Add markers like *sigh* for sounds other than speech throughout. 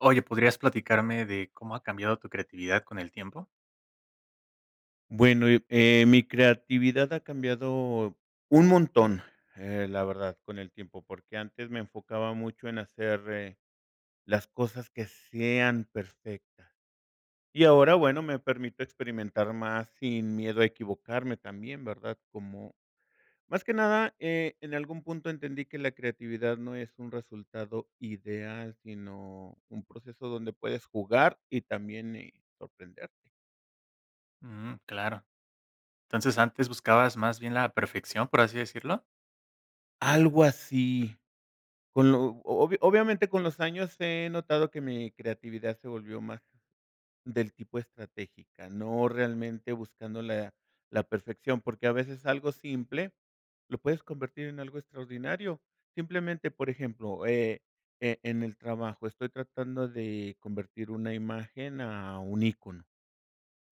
Oye, ¿podrías platicarme de cómo ha cambiado tu creatividad con el tiempo? Bueno, eh eh, mi creatividad ha cambiado un montón, eh, la verdad, con el tiempo, porque antes me enfocaba mucho en hacer, eh, las cosas que sean perfectas, y ahora bueno, me permito experimentar más sin miedo a equivocarme, también, ¿verdad?, como, más que nada, eh, en algún punto entendí que la creatividad no es un resultado ideal, sino, un proceso donde puedes jugar y también, eh, sorprenderte. Ujú. Claro. Entonces, ¿antes buscabas más bien la perfección, por así decirlo? Algo así. Con lo obvio obviamente, con los años he notado que mi creatividad se volvió más del tipo estratégica, no realmente buscando la la perfección, porque a veces algo simple lo puedes convertir en algo extraordinario. Simplemente, por ejemplo, eh, e en el trabajo estoy tratando de convertir una imagen a un ícono.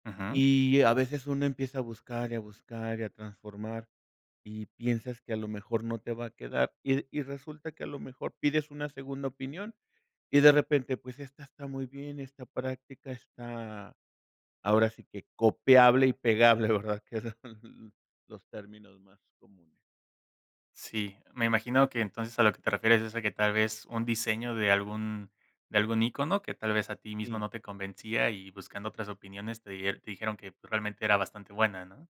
Ujú. Y, a veces, uno empieza a buscar y a buscar y a transformar, y piensas que a lo mejor no te va a quedar, y y resulta que a lo mejor pides una segunda opinión, y de repente, pues esta está muy bien, está práctica, está, ahora sí que, copiable y pegable, ¿verdad?, que son los términos más comunes. Sí, me imagino que entonces, a lo que te refieres es a que, tal vez, un diseño de algún de algún ícono que tal vez a ti mismo Sí. no te convencía y buscando otras opiniones te dier te dijeron que realmente era bastante buena, ¿no?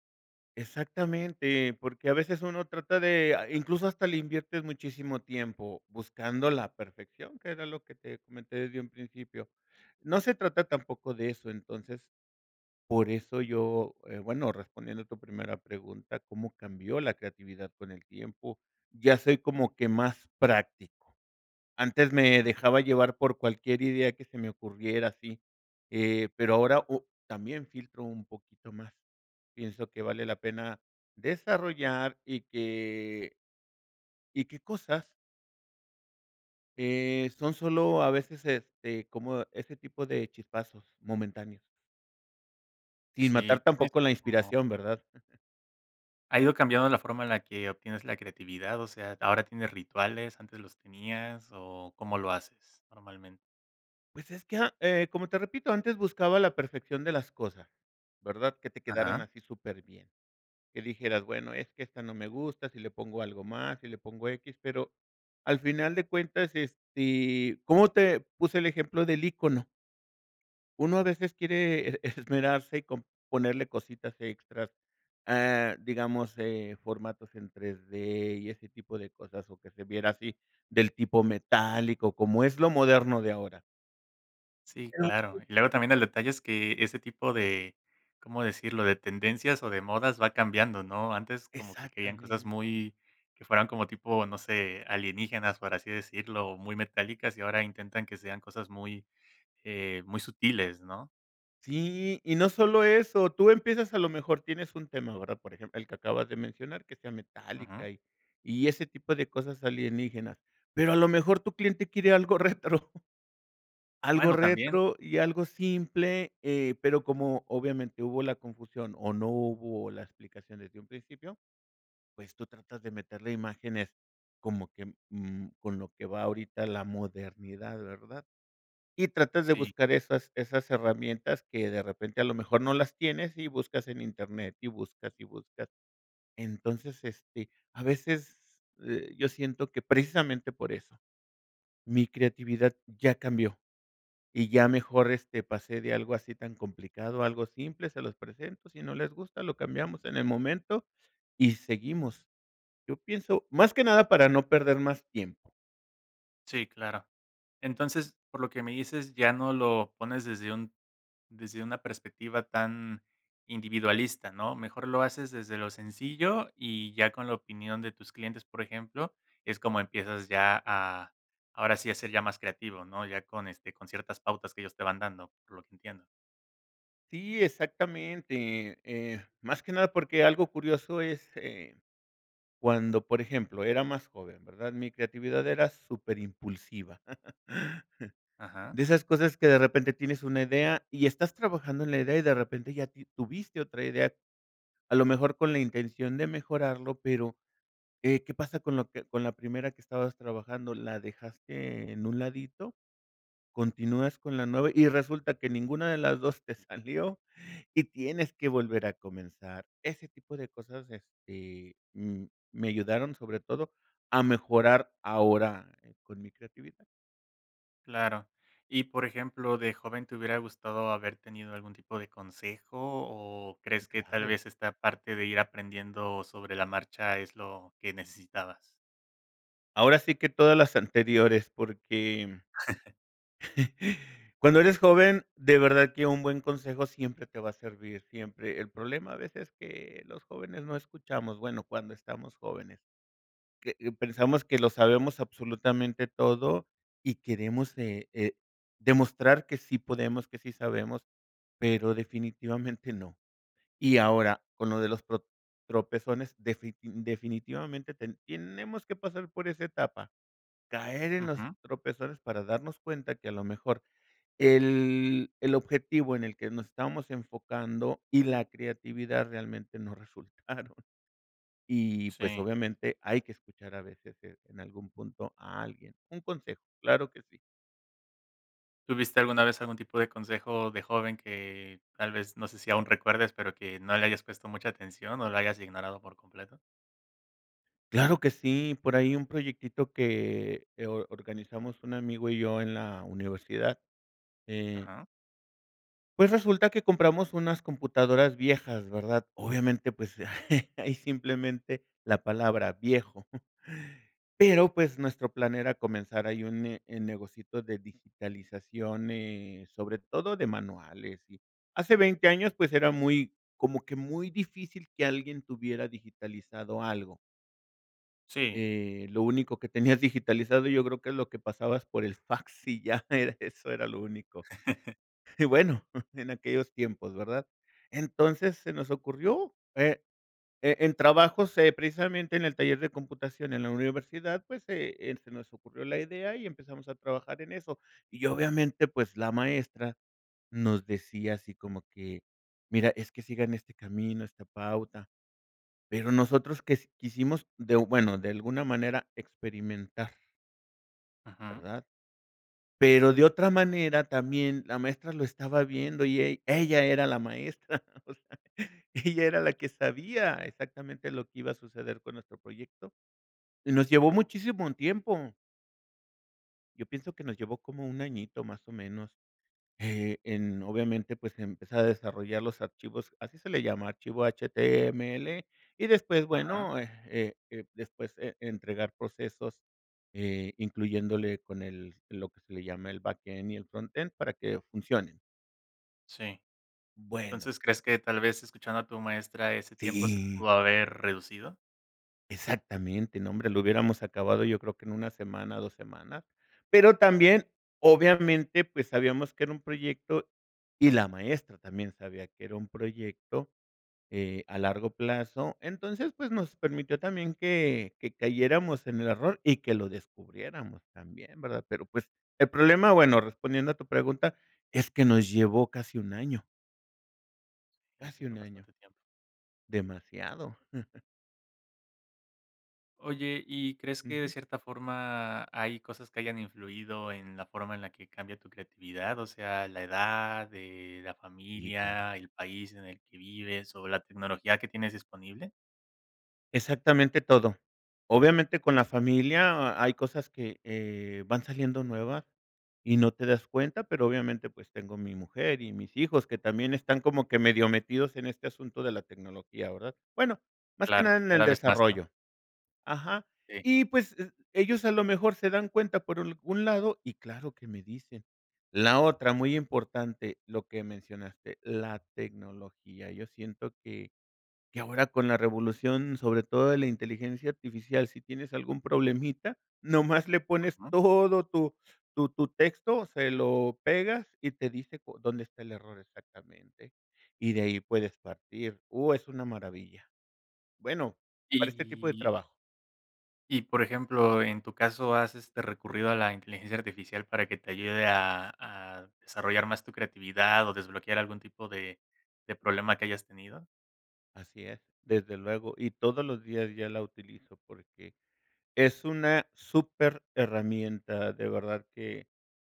Exactamente, porque a veces uno trata de, ah, incluso hasta le inviertes muchísimo tiempo buscando la perfección, que era lo que te comenté desde un principio. No se trata tampoco de eso, entonces, por eso yo, eh, bueno, respondiendo tu primera pregunta, ¿cómo cambió la creatividad con el tiempo? Ya soy como que más práctico, antes me dejaba llevar por cualquier idea que se me ocurriera así, eh, pero ahora o también filtro un poquito más, pienso qué vale la pena desarrollar y que y que cosas eh, son solo a veces, este, como ese tipo de chispazos momentáneos. Sin matar Sí, tienes tampoco la como inspiración, ¿verdad? *chuckles* ¿Ha ido cambiando la forma en la que obtienes la creatividad? O sea, ¿ahora tienes rituales? ¿Antes los tenías o cómo lo haces normalmen Pues es que, eh, como te repito, antes buscaba la perfección de las cosas, ¿verdad?, que te quedaran Ajá. así superbién, que dijeras, bueno, es que esta no me gusta, si le pongo algo más, si le pongo x, pero, al final de cuentas, este, ¿cómo te puse el ejemplo del ícono? Uno a veces quiere e esmerarse y con ponerle cositas extras, ah, eh, digamos, eh, formatos en 3D y ese tipo de cosas, o que se viera así del tipo metálico, como es lo moderno de ahora. Sí, claro. *unintelligible* Y luego también el detalle es que ese tipo de, ¿cómo decirlo?, de tendencias o de modas va cambiando, ¿no? Antes como que querían cosas Exactamente. muy que fueran como tipo, no sé, alienígenas, por así decirlo, muy metálicas, y *chuckles* ahora intentan que sean cosas muy eh, muy sutiles, ¿no? Sí, y no solo eso, tú empiezas a lo mejor tienes un tema, ¿verdad?, por ejemplo, el que acabas de mencionar que sea Ujú. metálica y y ese tipo de cosas alienígenas, pero a lo mejor tu cliente quiere algo retro. Algo Bueno, también. retro y algo simple, eh, pero como obviamente hubo la confusión o no hubo las explicaciones desde un principio, pues tú tratas de meterle imágenes como que, mm, con lo que va ahorita la modernidad, ¿verdad? Y tratas de Sí. buscar esas esas herramientas que de repente, a lo mejor no las tienes y buscas en Internet, y buscas y buscas. Entonces, este, a veces, eh, yo siento que precisamente por eso, mi creatividad ya cambió y ya mejor, este, pasé de algo así tan complicado, algo simple, se los presento, si no les gusta, lo cambiamos en el momento y seguimos. Yo pienso más que nada para no perder más tiempo. Sí, claro. Entonces, por lo que me dices, ya no lo pones desde un desde una perspectiva tan individualista, ¿no? Mejor lo haces desde lo sencillo y ya con la opinión de tus clientes, por ejemplo, es como empiezas ya a ahora sí a ser ya más creativo, ¿no? Ya con este, con ciertas pautas que ellos te van dando, por lo que entiendo. Sí, exactamente, eh, más que nada porque algo curioso es, eh, cuando, por ejemplo, era más joven, ¿verdad? Mi creatividad era superimpulsiva. *laughs* Ajá. De esas cosas que de repente tienes una idea y estás trabajando en la idea y de repente, ya ti tuviste otra idea, a lo mejor con la intención de mejorarlo pero, eh, ¿qué pasa con lo que con la primera que estabas trabajando?, la dejaste en un ladito, continúas con la nueva, y resulta que ninguna de las 2 te salió, y tienes que volver a comenzar. Ese tipo de cosas, este, mm, me ayudaron sobre todo a mejorar ahora, con mi creatividad. Claro, y, por ejemplo, de joven, ¿te hubiera gustado haber tenido algún tipo de consejo o, crees que tal Claro. vez esta parte de ir aprendiendo sobre la marcha es lo, que necesitabas? Ahora sí que todas las anteriores porque, *chuckles* *chuckles* cuando eres joven de verdad que un buen consejo siempre te va a servir, siempre, el problema a veces que los jóvenes no escuchamos, bueno, cuando estamos jóvenes. Que pensamos que lo sabemos absolutamente todo y queremos, eh eh, demostrar que sí podemos, que sí sabemos, pero definitivamente no. Y ahora, con lo de los, pro tropezones, defit definitivamente ten tenemos que pasar por esa etapa. Caer en los Ujú. tropezones para darnos cuenta que a lo mejor el, el objetivo en el que nos estábamos enfocando y la creatividad realmente no resultaron. Y, pues Sí. obviamente, hay que escuchar a veces en algún punto a alguien. Un consejo, claro que sí. ¿Tuviste alguna vez algún tipo de consejo de joven que tal vez no sé si aún recuerdes, pero que no le hayas puesto mucha atención o la hayas ignorado por completo? Claro que sí, por ahí un proyectito que, eh, or organizamos un amigo y yo en la universidad, eh Ajá. pues resulta que compramos unas computadoras viejas, ¿verdad? Obviamente, pues, *chuckles* hay simplemente la palabra viejo. *chuckles* Pero, pues, nuestro plan era comenzar ahí un ne eh, negocito de digitalización, eh, sobre todo de manuales y hace 20 años, pues era muy, como que muy difícil que alguien tuviera digitalizado algo. Sí. Eh, lo único que tenías digitalizado yo creo que es lo que pasabas por el fax y ya era eso, era lo único. *chuckles* Y bueno, *chuckles* en aquellos tiempos, ¿verdad? Entonces, se nos ocurrió, eh, e en trabajos, eh, precisamente en el taller de computación en la universidad pues se se nos ocurrió la idea y empezamos a trabajar en eso y obviamente pues la maestra nos decía así como que: "Mira es que sigan este camino, esta pauta". Pero nosotros que quisimos de, bueno, de alguna manera experimentar. Ujú. ¿Verdad? Pero de otra manera también la maestra lo estaba viendo y ell ella era la maestra, *chuckles* o sea, ella era la que sabía exactamente lo que iba a suceder con nuestro proyecto y nos llevó muchísimo tiempo. Yo pienso que nos llevó como 1 añito, más o menos, eh, en obviamente pues empezar a desarrollar los archivos, así se le llama archivo HTML y después Ajá. bueno, eh eh eh, después, eh, entregar procesos, eh, incluyéndole con el lo que se le llama el backend y el frontend, para que funcionen. Sí. Bueno. Entonces, ¿crees que, tal vez, escuchando a tu maestra ese tiempo se Sí. pudo haber reducido? Exactamente, nombre, lo hubiéramos acabado yo creo que en 1 semana, 2 semana, pero también, obviamente, pues sabíamos que era un proyecto y la maestra también sabía que era un proyecto, eh, a largo plazo. Entonces, pues nos permitió también que que cayéramos en el error y que lo descubriéramos también, ¿verdad? Pero, pues el problema, bueno, respondiendo a tu pregunta, es que nos llevó casi 1 año. Y se Casi fue un año. bastante tiempo. Demasiado. *chuckles* Oye, ¿y crees que de Ujú. cierta forma, hay cosas que hayan influido en la forma en la que cambia tu creatividad? O sea, la edad, eh, la Sí, claro. familia, el país en el que vives, ¿o la tecnología que tienes disponible? Exactamente todo. Obviamente, con la familia ha hay cosas que, eh, van saliendo nuevas y no te das cuenta. Pero, obviamente, pues tengo mi mujer y mis hijos que también están como que medio metidos en este asunto de la tecnología, ¿verdad? Bueno, más que Claro, nada en el cada vez más, ¿no? desarrollo, ajá. Sí. Y pues, eh, ellos a lo mejor se dan cuenta por algún lado y claro que me dicen. La otra, muy importante, lo que mencionaste, la tecnología, yo siento que que ahora con la revolución, sobre todo de la inteligencia artificial, si tienes algún problemita, nomás le pones Ujú. todo tu tu tu texto, se lo pegas y te dice cu dónde está el error exactamente, y de ahí puedes partir. Uh, es una maravilla. Bueno, para este tipo de Y trabajo. y por ejemplo, en tu caso, ¿has este, recurrido a la inteligencia artificial para que te ayude a a desarrollar más tu creatividad o desbloquear algún tipo de de problema que hayas tenido? Así es, desde luego, y todos los días ya la utilizo, porque, es una súper herramienta de verdad que,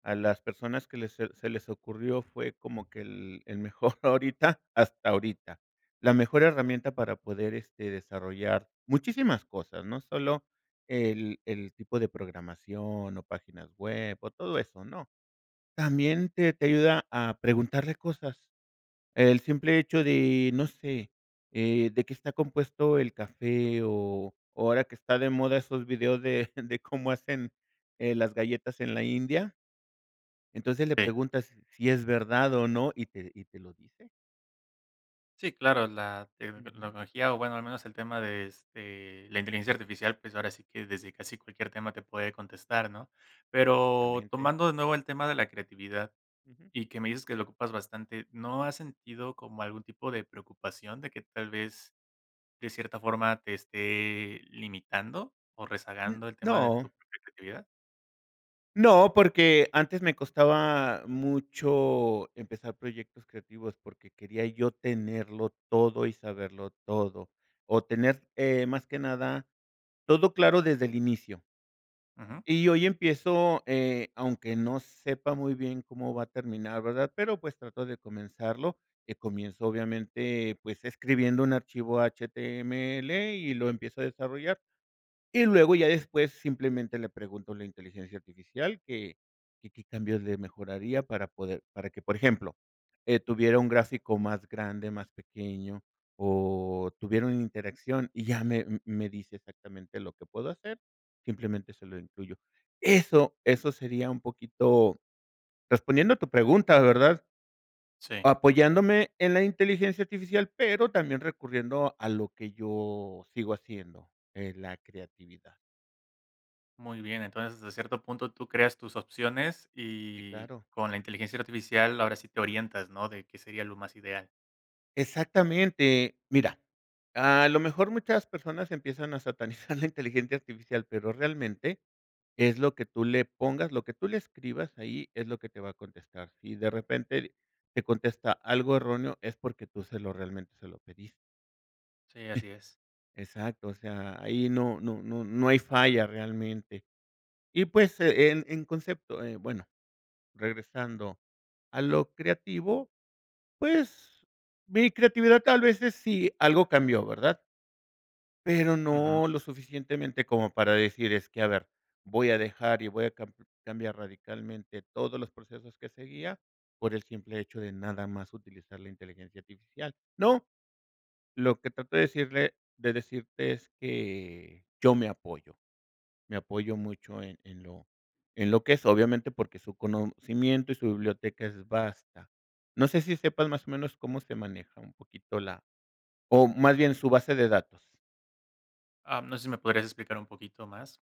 a las personas que les se se les ocurrió fue como que el el mejor, ahorita hasta ahorita. La mejor herramienta para poder este, desarrollar, muchísimas cosas, no solo el el tipo de programación, o páginas web, o todo eso, no, también te te ayuda a preguntarle cosas. El simple hecho de, no sé, eh, ¿de qué está compuesto el café?, o, ahora que están de moda esos videos de de cómo hacen, eh, las galletas en la India. Entonces le Eh. preguntas, si es verdad o no, y te y te lo dice. Sí claro, la Ujú. tecnología, o bueno, al menos el tema de, este, la inteligencia artificial, pues, ahora sí que, desde casi cualquier tema te puede contestar, ¿no? La Pero, mente. tomando de nuevo el tema de la creatividad, Ujú. y que me dices que lo ocupas bastante, ¿no has sentido como algún tipo de preocupación de que tal vez, de cierta forma te esté, limitando o N rezagando el tema de no. tu propia creatividad? No, porque antes me costaba mucho empezar proyectos creativos, porque quería yo tenerlo todo y saberlo todo. O tener, eh, más que nada, todo claro desde el inicio. Ujú. Y hoy empiezo, eh, aunque no sepa muy bien cómo va a terminar, ¿verdad? Pero, pues, trato de comenzarlo, que comienzo, obviamente, pues, escribiendo un archivo HTML y lo empiezo a desarrollar, y luego ya después simplemente le pregunto a la inteligencia artificial que que qué cambios le mejoraría para poder para que, por ejemplo, eh, tuviera un gráfico más grande, más pequeño, o tuviera una interacción y ya me me dice exactamente lo que puedo hacer, simplemente se lo incluyo. Eso eso sería un poquito, respondiendo a tu pregunta, ¿verdad? Sí. Apoyándome en la inteligencia artificial, pero también recurriendo a lo que yo sigo haciendo, eh, la creatividad. Muy bien, entonces, desde cierto punto, tú creas tus opciones Sí, y claro. con la inteligencia artificial, ahora sí te orientas, ¿no?, de qué sería lo más ideal. Exactamente. Mira, a lo mejor muchas personas empiezan a satanizar la inteligencia artificial, pero realmente, es lo que tú le pongas, lo que tú le escribas ahí, es lo que te va a contestar. Si de repente, te contesta algo erróneo es porque tú se lo realmente se lo pedis Sí, así es. Exacto, o sea, ahí no no no no hay falla realmente. Y pues, en en concepto eh, bueno, regresando a lo creativo, pues, mi creatividad tal vez es sí, algo cambió, ¿verdad? Pero Ujú. no lo suficientemente, como para decir: "Es que a ver, voy a dejar y voy a cam cambiar radicalmente todos los procesos que seguía por el simple hecho de nada más utilizar la inteligencia artificial". No, lo que trato de decirle de decirte es que, yo me apoyo, me apoyo mucho en en lo en lo que es, obviamente porque su conocimiento y su biblioteca es basta. No sé si sepas, más o menos, cómo se maneja un poquito la o más bien su base de datos. Am, ¿no sé si me podrías explicar un poquito más?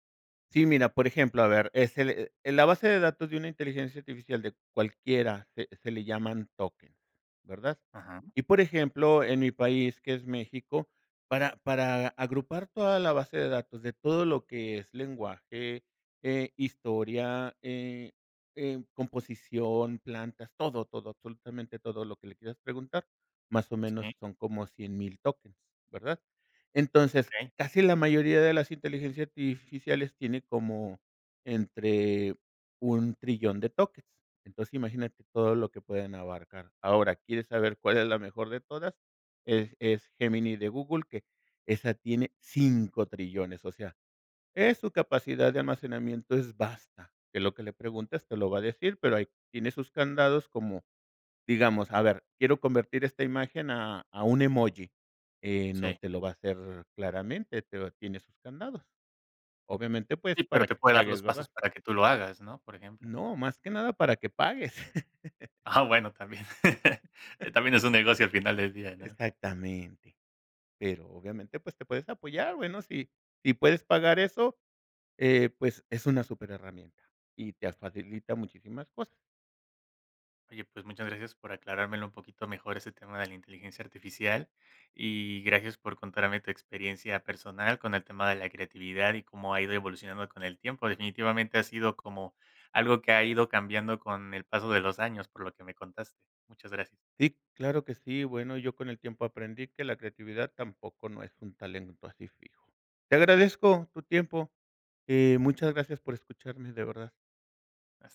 Sí, mira, por ejemplo, a ver, ese de la base de datos de una inteligencia artificial de cualquiera se se le llaman tokens, ¿verdad? Ujú. Y, por ejemplo, en mi país, que es México, para para agrupar toda la base de datos de todo lo que es lenguaje, eh, historia, eh, em, composición, plantas, todo, todo, absolutamente todo lo que le quieras preguntar, más o Sí. menos son como 100,000 tokens, ¿verdad? Entonces, Okey. casi la mayoría de las inteligencias artificiales tiene como entre un trillón de tokens. Entonces, imagínate todo lo que pueden abarcar. Ahora, ¿quieres saber cuál es la mejor de todas? Es es Gemini de Google, que esa tiene cinco trillones, o sea, es su capacidad de almacenamiento es basta, que lo que le preguntes te lo va a decir, pero ahí tiene sus candados como, digamos, a ver, quiero convertir esta imagen a a un emoji. Eh, no Sí. te lo va a hacer claramente, pero tiene sus candados. Obviamente, pues, Sí, pero para te que puede dar pagues, los pasos ¿verdad? para que tú lo hagas, ¿no? Por ejemplo. No, más que nada para que pagues. *laughs* Ah, bueno, también. *laughs* Eh, también es un *laughs* negocio al final del día, ¿no? Exactamente. Pero obviamente pues, te puedes apoyar bueno si, si puedes pagar eso, eh, pues, es una súper herramienta y te facilita muchísimas cosas. Oye, pues muchas gracias por aclarármelo un poquito mejor ese tema de la inteligencia artificial, y, gracias por contarme tu experiencia personal con el tema de la creatividad y cómo ha ido evolucionando con el tiempo, definitivamente ha sido como, algo que ha ido cambiando con, el paso de los años por lo que me contaste. Muchas gracias. Sí, claro que sí. Bueno, yo con el tiempo aprendí que la creatividad tampoco no es un talento así fijo. Te agradezco tu tiempo, y muchas gracias por escucharme, de verdad.